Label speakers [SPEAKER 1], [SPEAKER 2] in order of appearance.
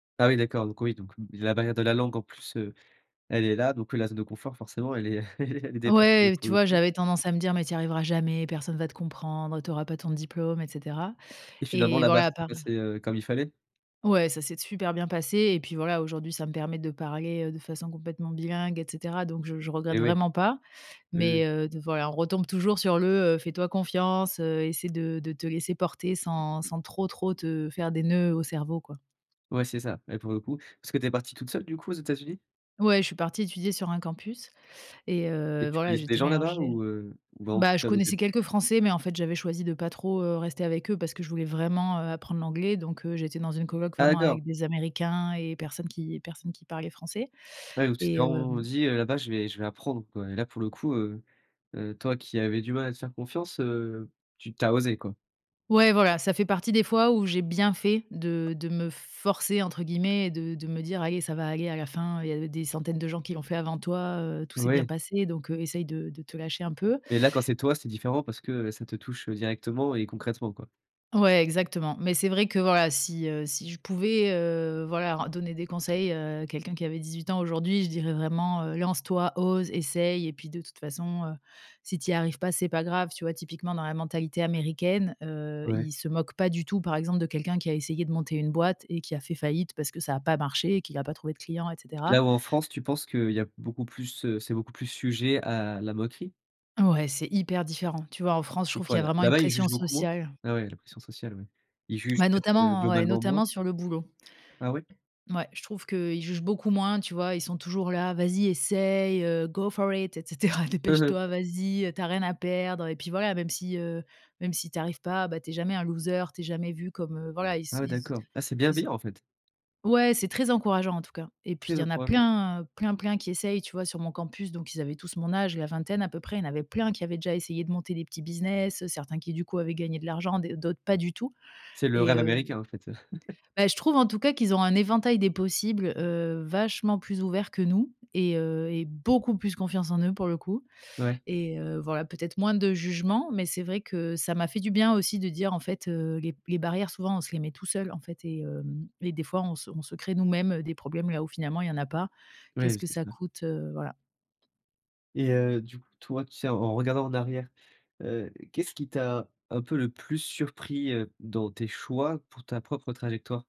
[SPEAKER 1] Ah oui, d'accord, donc oui, donc la barrière de la langue en plus, heu, elle est là, donc ouais, la zone de confort forcément elle est elle est elle est dépassée là
[SPEAKER 2] Ouais,
[SPEAKER 1] pour
[SPEAKER 2] tu
[SPEAKER 1] le
[SPEAKER 2] vois,
[SPEAKER 1] coup.
[SPEAKER 2] j'avais tendance à me dire: «Mais tu y arriveras jamais, personne va te comprendre, tu auras pas ton diplôme et cetera».
[SPEAKER 1] Et finalement
[SPEAKER 2] Et
[SPEAKER 1] là bas,
[SPEAKER 2] voilà,
[SPEAKER 1] ça
[SPEAKER 2] à
[SPEAKER 1] s'est
[SPEAKER 2] part
[SPEAKER 1] passé, heu, comme il fallait?
[SPEAKER 2] Ouais, ça s'est super bien passé et puis voilà, aujourd'hui, ça me permet de parler, heu, de façon complètement bilingue et cetera. Donc je je
[SPEAKER 1] Eh
[SPEAKER 2] regrette
[SPEAKER 1] oui.
[SPEAKER 2] vraiment pas,
[SPEAKER 1] Oui, oui.
[SPEAKER 2] mais heu, voilà on retombe toujours sur le, heu «Fais toi confiance heu, essaie de de te laisser porter sans sans trop, trop te faire des noeuds au cerveau, quoi».
[SPEAKER 1] Ouais c'est ça et pour le coup. Parce que tu es partie toute seule du coup aux États-Unis
[SPEAKER 2] Ouais, je suis partie étudier sur un campus et
[SPEAKER 1] et
[SPEAKER 2] heu,
[SPEAKER 1] tu
[SPEAKER 2] voilà,
[SPEAKER 1] connaissais des
[SPEAKER 2] j'étais
[SPEAKER 1] gens là-bas
[SPEAKER 2] mélangée
[SPEAKER 1] ou heu ou vraiment
[SPEAKER 2] bah,
[SPEAKER 1] toute
[SPEAKER 2] je
[SPEAKER 1] seule au
[SPEAKER 2] connaissais
[SPEAKER 1] début?
[SPEAKER 2] quelques Français, mais en fait j'avais choisi de pas trop heu, rester avec eux parce que je voulais vraiment, heu, apprendre l'anglais. Donc heu, j'étais dans une coloc
[SPEAKER 1] Ah
[SPEAKER 2] vraiment
[SPEAKER 1] d'accord.
[SPEAKER 2] avec des américains et personne qui personne qui parlait français
[SPEAKER 1] Ouais, donc tu t'es
[SPEAKER 2] et heu
[SPEAKER 1] vraiment, heu, dit heu: «Là-bas, je vais je vais apprendre quoi». Et là pour le coup, heu heu, toi qui avais du mal à te faire confiance heu, tu tu as osé, quoi.
[SPEAKER 2] Ouais voilà, ça fait partie des fois où j'ai bien fait de de me «forcer» entre guillemets et de de me dire: «Allez, ça va aller à la fin, il y a des centaines de gens qui l'ont fait avant toi, heu, tout s'est bien
[SPEAKER 1] Ouais.
[SPEAKER 2] passé, donc heu, essaye de de te lâcher un peu».
[SPEAKER 1] Mais là quand c'est toi, c'est différent parce que ça te touche directement et concrètement, quoi.
[SPEAKER 2] Ouais, exactement, Mais c'est vrai que voilà, si, heu, si je pouvais, heu, voilà, ren donner des conseils, heu, quelqu'un qui avait 18 ans aujourd'hui, je dirais vraiment, heu: «Lance toi, ose, essaye et puis de toute façon, heu, si tu y arrives pas, c'est pas grave». Tu vois? Typiquement dans la mentalité américaine, heu,
[SPEAKER 1] Ouais.
[SPEAKER 2] ils se moquent pas du tout, par exemple, de quelqu'un qui a essayé de monter une boîte et qui a fait faillite parce que ça a pas marché et qu'il a pas trouvé de clients et cetera.
[SPEAKER 1] Là où en France, tu penses qu'il y a beaucoup plus, heu, c'est beaucoup plus sujet à la moquerie?
[SPEAKER 2] Ouais, c'est hyper différent. Tu vois, en France, je
[SPEAKER 1] C'est
[SPEAKER 2] trouve qu'il
[SPEAKER 1] quoi
[SPEAKER 2] y a
[SPEAKER 1] là?
[SPEAKER 2] vraiment une
[SPEAKER 1] Là-bas, ils
[SPEAKER 2] pression
[SPEAKER 1] jugent beaucoup moins?
[SPEAKER 2] sociale
[SPEAKER 1] Ah ouais, la pression sociale, ouais. Ils jugent
[SPEAKER 2] ouais,
[SPEAKER 1] peut-être, heu,
[SPEAKER 2] notamment, ouais,
[SPEAKER 1] globalement moins?
[SPEAKER 2] notamment sur le boulot.
[SPEAKER 1] Ah ouais?
[SPEAKER 2] Ouais, je trouve qu'ils jugent beaucoup moins, tu vois, ils sont toujours là: «Vas-y, essaye, heu, go for it et cetera, dépêche-toi, vas-y, heu, tu as rien à perdre». Et puis voilà, même si, heu, même si tu arrives pas, beh, tu es jamais un loser, tu es jamais vu comme voilà, ils
[SPEAKER 1] Ah
[SPEAKER 2] so
[SPEAKER 1] ouais
[SPEAKER 2] ils
[SPEAKER 1] d'accord. Ah, c'est
[SPEAKER 2] ils ont
[SPEAKER 1] bienveillant, en fait!
[SPEAKER 2] ouais, c'est très encourageant en tout cas et puis il
[SPEAKER 1] Très
[SPEAKER 2] y en a
[SPEAKER 1] encouragement.
[SPEAKER 2] plein, heu, plein, plein qui essayent, tu vois, sur mon campus, donc ils avaient tous mon âge, la vingtaine à peu près, il y avait plein qui avaient déjà essayé de monter des petits business, certains qui, du coup, avaient gagné de l'argent, d d'autres pas du tout
[SPEAKER 1] C'est le
[SPEAKER 2] et
[SPEAKER 1] rêve
[SPEAKER 2] heu
[SPEAKER 1] américain, en fait.
[SPEAKER 2] Beh, je trouve en tout cas qu'ils ont un éventail des possibles, heu, vachement plus ouvert que nous et heu et beaucoup plus confiance en eux pour le coup
[SPEAKER 1] Ouais.
[SPEAKER 2] et heu, voilà, peut-être moins de jugement. Mais c'est vrai que ça m'a fait du bien aussi de dire, en fait, heu, les b les barrières souvent, on se les met tout seul, en fait et heu et des fois on se on se crée nous-mêmes des problèmes là où, finalement, il y en a pas.
[SPEAKER 1] Ouais,
[SPEAKER 2] Qu'est-ce que
[SPEAKER 1] c'est
[SPEAKER 2] ça
[SPEAKER 1] ça.
[SPEAKER 2] coûte, heu, voilà.
[SPEAKER 1] Et heu, du coup toi, tu sais, en en regardant en arrière, heu, qu'est-ce qui t'a, un peu, le plus surpris, heu, dans tes choix pour ta propre trajectoire?